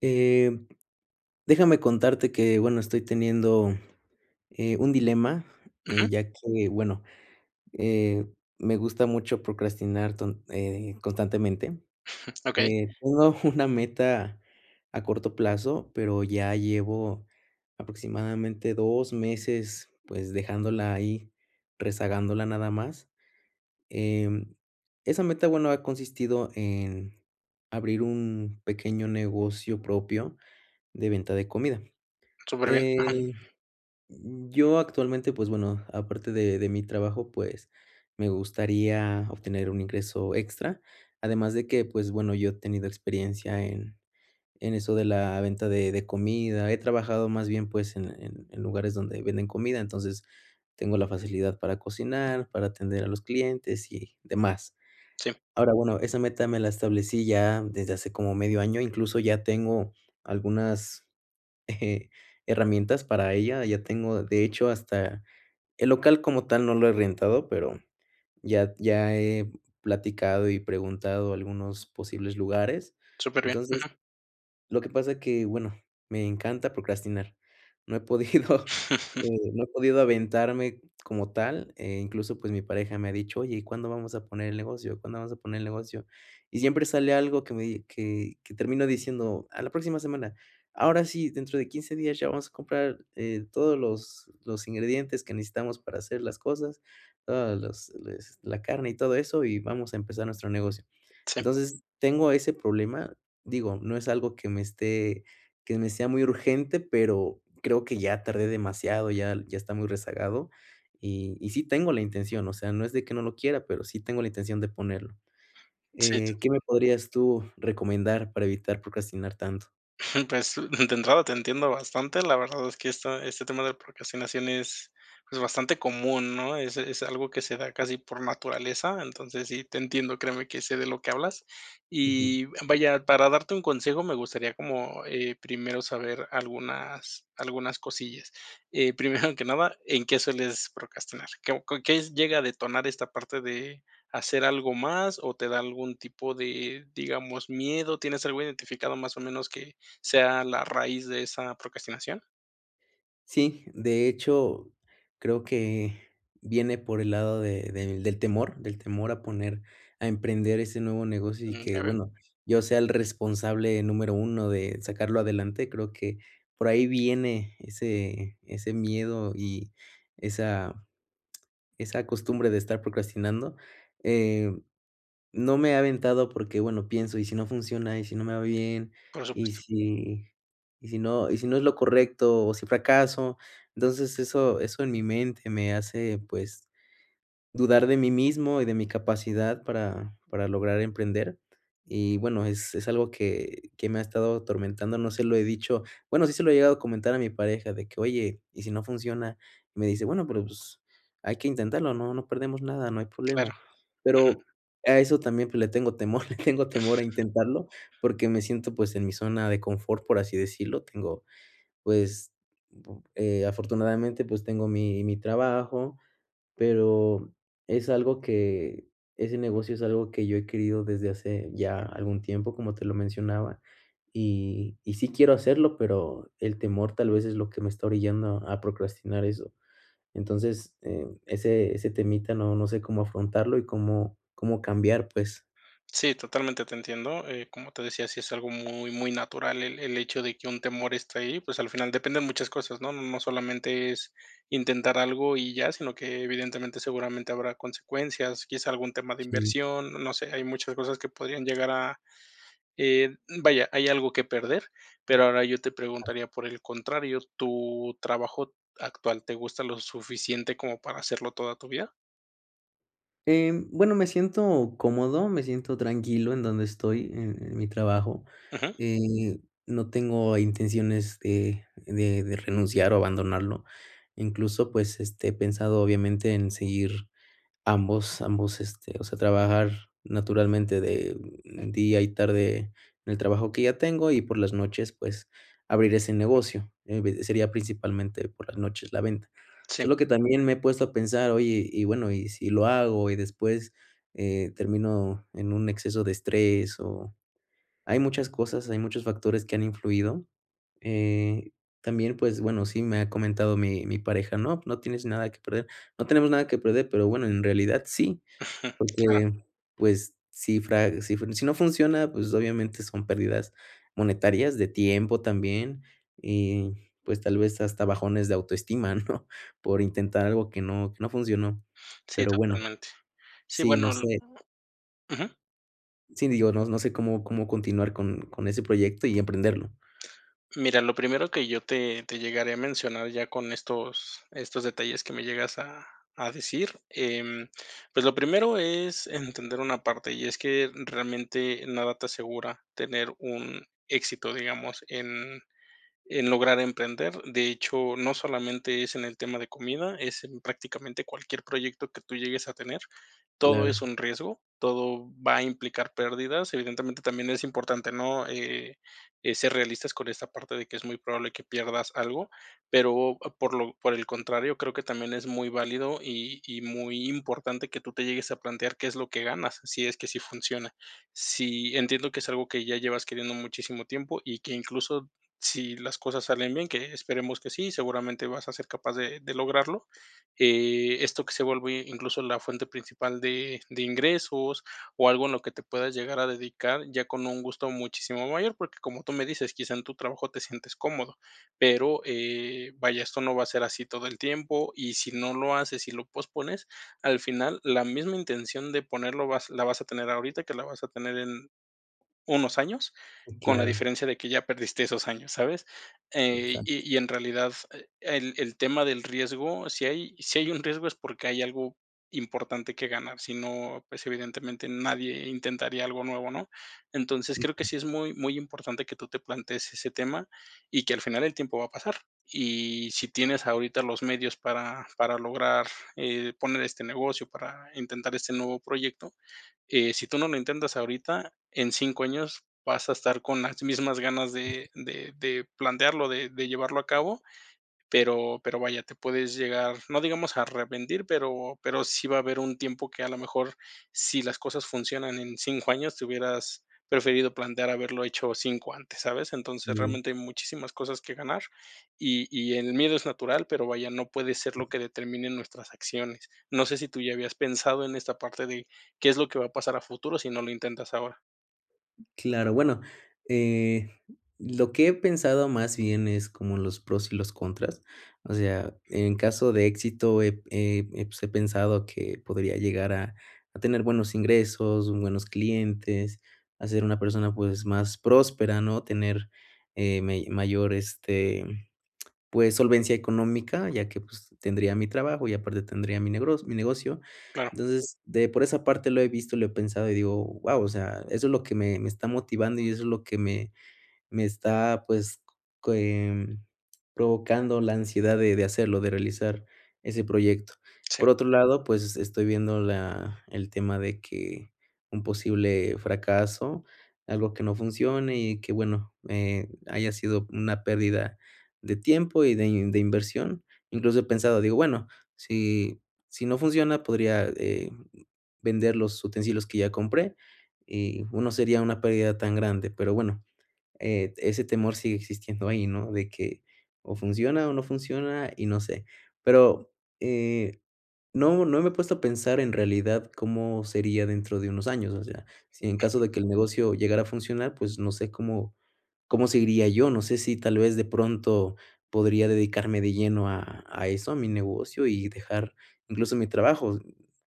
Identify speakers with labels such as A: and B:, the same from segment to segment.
A: Eh, déjame contarte que, bueno, estoy teniendo, eh, un dilema,
B: Ujú.
A: ya que, bueno, eh, me gusta mucho procrastinar ton eh, constantemente,
B: Okey.
A: eh, tengo una meta a corto plazo, pero ya llevo aproximadamente 2 meses, pues, dejándola ahí, rezagándola, nada más. Em, esa meta, bueno, ha consistido en abrir un pequeño negocio propio de venta de comida.
B: Superbién.
A: Eh,
B: Ajá.
A: mm, yo, actualmente, pues, bueno, aparte de de mi trabajo, pues, me gustaría obtener un ingreso extra, además, de que, pues, bueno, yo he tenido experiencia en en eso de la venta de de comida, he trabajado, más bien, pues, en la en en lugares donde venden comida, entonces, tengo la facilidad para cocinar, para atender a los clientes y demás.
B: Sí.
A: Ahora, bueno, esa meta me la establecí ya desde hace como medio año. Incluso ya tengo algunas, eh, herramientas para ella, ya tengo, de hecho, hasta el local como tal no lo he rentado, pero ya ya he platicado y preguntado algunos posibles lugares.
B: Superbién,
A: Entonces,
B: ujú.
A: lo que pasa es que, bueno, me encanta procrastinar, no he podido, eh, no he podido aventarme como tal, eh, incluso, pues, mi pareja me ha dicho: "Oye, ¿y cuándo vamos a poner el negocio? ¿Cuándo vamos a poner el negocio?". Y siempre sale algo que me que que termino diciendo: "A la próxima semana. Ahora sí, dentro de 15 días ya vamos a comprar, eh, todos los los ingredientes que necesitamos para hacer las cosas, todos los les la carne y todo eso, y vamos a empezar nuestro negocio".
B: Sí.
A: Entonces, tengo ese problema, digo, no es algo que me esté que me sea muy urgente, pero creo que ya tardé demasiado, y ya ya está muy rezagado. Y y sí, tengo la intención, o sea, no es de que no lo quiera, pero sí tengo la intención de ponerlo. Eh, ¿qué
B: [unintelligible]
A: me podrías tú recomendar para evitar procrastinar tanto?
B: Pues, de entre entrada, te entiendo bastante, la verdad es que este este tema de procrastinación es bastante común, ¿no? Es es algo que se da casi por naturaleza. Entonces, sí, te entiendo, créeme que sé de lo que hablas.
A: Ujú.
B: Y vaya, para darte un consejo, me gustaría, como, eh, primero saber algunas algunas cosillas. Eh, primero que nada, ¿en qué sueles procrastinar? ¿Qué qué llega a detonar esta parte de hacer algo más o te da algún tipo de, digamos, miedo? ¿Tienes algo identificado, más o menos, que sea la raíz de esa procrastinación?
A: Sí, de hecho, creo que viene por el lado de de del temor, del temor a poner, a emprender ese nuevo negocio y
B: Mm.
A: que,
B: Ya veo.
A: bueno, yo sea el responsable número uno de sacarlo adelante. Creo que por ahí viene ese ese miedo y esa esa costumbre de estar procrastinando. Eh, no me he aventado porque, bueno, pienso, ¿y si no funciona, y si no me va bien,
B: Por
A: y
B: supuesto.
A: si y si no y si no es lo correcto o si fracaso? Entonces eso eso en mi mente me hace, pues, dudar de mí mismo y de mi capacidad para para lograr emprender y, bueno, es es algo que que me ha estado atormentando. No se lo he dicho Bueno, sí se lo he llegado a comentar a mi pareja, de que, oye, ¿y si no funciona? Me dice: "Bueno, pues hay que intentarlo. No, no perdemos nada, no hay
B: Claro.
A: problema", pero
B: Ujú.
A: a eso también. Pues le tengo temor. Le tengo temor a intentarlo porque me siento, pues, en mi zona de confort, por así decirlo. Tengo, pues, eh, afortunadamente, pues tengo mi mi trabajo, pero es algo que ese negocio es algo que yo he querido desde hace ya algún tiempo, como te lo mencionaba, y y sí quiero hacerlo, pero el temor tal vez es lo que me está orillando a procrastinar eso. Entonces, eh, ese ese temita no, no sé cómo afrontarlo y cómo cómo cambiar, pues.
B: Sí, totalmente te entiendo. Eh, como te decía, sí es algo muy, muy natural el el hecho de que un temor esté ahí, pues al final dependen muchas cosas, ¿no? No solamente es intentar algo y ya, sino que evidentemente seguramente habrá consecuencias, quizá algún tema de
A: Sí.
B: inversión, no sé, hay muchas cosas que podrían llegar a, eh, vaya, hay algo que perder, pero ahora yo te preguntaría, por el contrario, ¿tu trabajo actual te gusta lo suficiente como para hacerlo toda tu vida?
A: Em, bueno, me siento cómodo. Me siento tranquilo en donde estoy, en en mi trabajo
B: Ujú.
A: y no tengo intenciones de de de renunciar o abandonarlo. Incluso, pues, este, he pensado, obviamente, en seguir ambos ambos este, o sea, trabajar naturalmente de día y tarde en el trabajo que ya tengo y por las noches, pues abrir ese negocio. Evi sería principalmente por las noches la venta.
B: Sí.
A: Solo que también me he puesto a pensar, oye, y bueno, ¿y si lo hago y después, eh, termino en un exceso de estrés?, o Hay muchas cosas, hay muchos factores que han influido. Eh, también, pues bueno, sí me ha comentado mi mi pareja: "No, pues no tienes nada que perder". No tenemos nada que perder, pero bueno, en realidad sí,
B: Ujú. Claro.
A: porque, pues, si fra si si no funciona, pues obviamente son pérdidas, monetarias. De tiempo también. Y pues tal vez hasta bajones de autoestima, ¿no? Por intentar algo que no, que no funcionó,
B: Sí,
A: pero bueno.
B: totalmente. Sí,
A: Sí,
B: bueno,
A: no
B: l
A: sé.
B: ujú.
A: Sí, digo, no no sé cómo cómo continuar con con ese proyecto y emprenderlo.
B: Mira, lo primero que yo te te llegaré a mencionar ya con estos estos detalles que me llegas a a decir, em, pues, lo primero es entender una parte y es que, realmente, nada te asegura tener un éxito, digamos, en en lograr emprender, de hecho, no solamente es en el tema de comida, es prácticamente, cualquier proyecto que tú llegues a tener, todo es
A: Claro.
B: un riesgo, todo va a implicar pérdidas, evidentemente, también es importante, ¿no?, eh eh, ser realistas con esta parte de que es muy probable que pierdas algo, pero por lo por el contrario, creo que también es muy válido y y muy importante que tú te llegues a plantear qué es lo que ganas, si es que sí funciona, sí entiendo que es algo que ya llevas queriendo muchísimo tiempo y que, incluso, si las cosas salen bien, que esperemos que sí, seguramente, vas a ser capaz de de lograrlo, eh, esto que se vuelve incluso la fuente principal de de ingresos o algo en lo que te puedas llegar a dedicar ya con un gusto muchísimo mayor, porque como tú me dices, quizá en tu trabajo te sientes cómodo, pero, eh, vaya, esto no va a ser así todo el tiempo y, si no lo haces y lo pospones, al final, la misma intención de ponerlo vas la vas a tener ahorita, que la vas a tener en unos años, con la
A: Claro.
B: diferencia de que ya perdiste esos años, ¿sabes? Eh,
A: Exacto.
B: y y en realidad, eh, el el tema del riesgo, si hay si hay un riesgo es porque hay algo importante que ganar, si no, pues, evidentemente, nadie intentaría algo nuevo, ¿no?, entonces, creo que
A: Ujú.
B: sí es muy, muy importante que tú te plantees ese tema y que, al final, el tiempo va a pasar, y si tienes ahorita los medios para para lograr, eh, poner este negocio, para intentar este nuevo proyecto, eh, si tú no lo intentas ahorita, en 5 años vas a estar con las mismas ganas de de de plantearlo, de de llevarlo a cabo, pero pero, vaya, te puedes llegar, no digamos a arrepentir, pero pero sí va a haber un tiempo que, a lo mejor, si las cosas funcionan en 5 años te hubieras preferido plantear haberlo hecho 5 antes, ¿sabes? Entonces,
A: Sí.
B: realmente, hay muchísimas cosas que ganar y y el miedo es natural, pero, vaya, no puede ser lo que determine nuestras acciones, no sé si tú ya habías pensado en esta parte de qué es lo que va a pasar a futuro si no lo intentas ahora.
A: Claro. Bueno, eh, lo que he pensado más bien es como los pros y los contras. O sea, en caso de éxito, eh, pues, eh, pensado que podría llegar a a tener buenos ingresos, buenos clientes, a ser una persona, pues, más próspera, ¿no? Tener, eh, me mayor, este, pues, solvencia económica, ya que, pues, tendría mi trabajo y aparte tendría mi negro mi negocio.
B: Claro.
A: Entonces, por esa parte lo he visto, lo he pensado y digo: "Guau", o sea, eso es lo que me me está motivando y eso es lo que me me está, pues, provocando la ansiedad de de hacerlo, de realizar ese proyecto.
B: Sí.
A: Por otro lado, pues, estoy viendo la el tema de que un posible fracaso, algo que no funcione y que, bueno, eh, haya sido una pérdida de tiempo y de de inversión. Incluso he pensado, digo: "Bueno, si si no funciona, podría eh, vender los utensilios que ya compré y no sería una pérdida tan grande". Pero, bueno, eh, ese temor sigue existiendo ahí, ¿no? De que o funciona o no funciona y no sé, pero, eh, no no me he puesto a pensar en realidad, cómo sería dentro de unos años. O sea, si en caso de que el negocio llegara a funcionar, pues, no sé, ¿cómo, cómo seguiría yo? No sé, si tal vez, de pronto podría dedicarme de lleno a a eso, a mi negocio, y dejar incluso mi trabajo,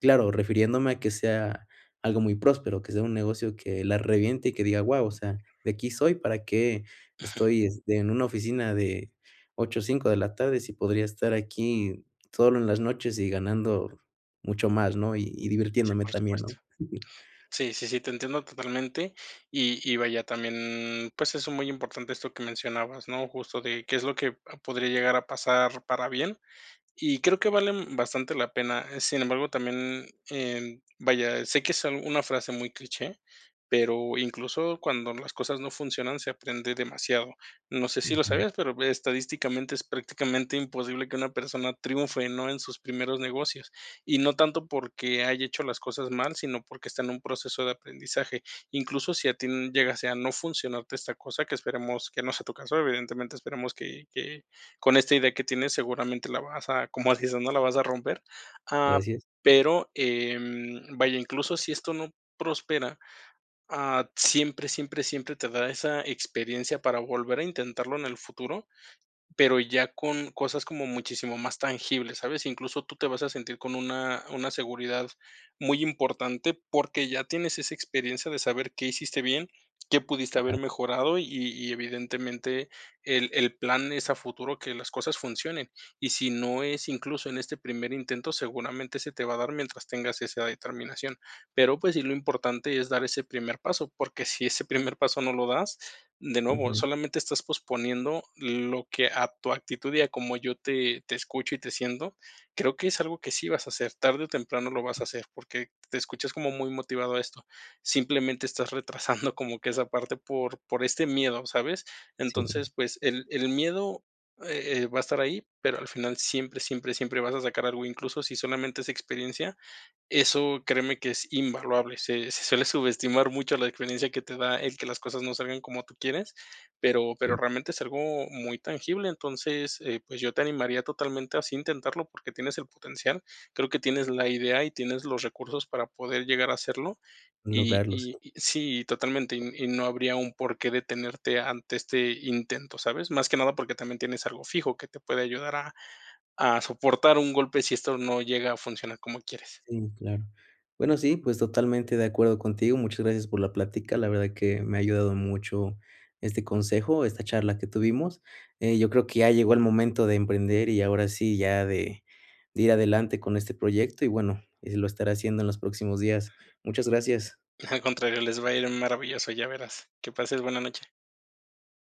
A: claro, refiriéndome a que sea algo muy próspero, que sea un negocio que la reviente y que diga: "Guau", o sea, "de aquí soy, ¿para qué estoy en una oficina de 8 a 5, de la tarde, si podría estar aquí solo en las noches y ganando mucho más?". ¿No? Y y
B: Sí,
A: divirtiéndome
B: por
A: también,
B: supuesto.
A: ¿no?
B: Sí, sí, sí, te entiendo totalmente y y vaya también, pues, eso es muy importante, esto que mencionabas, ¿no?, justo de qué es lo que podría llegar a pasar para bien y creo que vale bastante la pena, eh, sin embargo, también, em, vaya, sé que es una frase muy cliché, pero, incluso cuando las cosas no funcionan, se aprende demasiado. No sé, si lo sabías, pero estadísticamente es prácticamente imposible que una persona triunfe, ¿no? En sus primeros negocios, y no tanto porque haya hecho las cosas mal, sino porque está en un proceso de aprendizaje. Incluso si a ti llegase a no funcionarte esta cosa, que esperemos que no sea tu caso, evidentemente esperemos que que con esta idea que tienes, seguramente la vas a, como se dice, ¿no? La vas a romper, ah,
A: Gracias.
B: pero, em, vaya, incluso si esto no prospera. Ah, siempre, siempre, siempre te da esa experiencia para volver a intentarlo en el futuro, pero ya con cosas como muchísimo más tangibles, ¿sabes? Incluso tú te vas a sentir con una una seguridad muy importante porque ya tienes esa experiencia de saber qué hiciste bien, qué pudiste haber
A: Claro.
B: mejorado y y evidentemente, el el plan es a futuro que las cosas funcionen. Y si no es incluso en este primer intento, seguramente se te va a dar mientras tengas esa determinación. Pero, pues sí, lo importante es dar ese primer paso, porque si ese primer paso no lo das, de nuevo,
A: Ujú.
B: solamente estás posponiendo lo que a tu actitud y a como yo te te escucho y te siento. Creo que es algo que sí vas a hacer, tarde o temprano lo vas a hacer, porque te escuchas como muy motivado a esto. Simplemente estás retrasando como que esa parte por por este miedo, ¿sabes?
A: Sí.
B: Entonces, pues, el el miedo, eh, va a estar ahí, pero, al final siempre, siempre, siempre vas a sacar algo, incluso si solamente es experiencia, eso créeme que es invaluable. Se se suele subestimar mucho la experiencia que te da el que las cosas no salgan como tú quieres. Pero
A: Sí.
B: pero realmente es algo muy tangible, entonces, eh, pues, yo te animaría totalmente así a intentarlo porque tienes el potencial. Creo que tienes la idea y tienes los recursos para poder llegar a hacerlo y
A: Lograrlos.
B: y y sí, totalmente, y y no habría un porqué detenerte ante este intento, ¿sabes? Más que nada porque también tienes algo fijo que te puede ayudar a a soportar un golpe si esto no llega a funcionar como quieres.
A: Sí, claro. Bueno, sí, pues, totalmente de acuerdo contigo. Muchas gracias por la plática, la verdad que me ha ayudado mucho este consejo, esta charla que tuvimos, eh, yo creo que ya llegó el momento de emprender y ahora sí, ya de de ir adelante con este proyecto y, bueno, y lo estaré haciendo en los próximos días. Muchas gracias.
B: Al contrario, les va a ir maravilloso, ya verás. Que pases buena noche.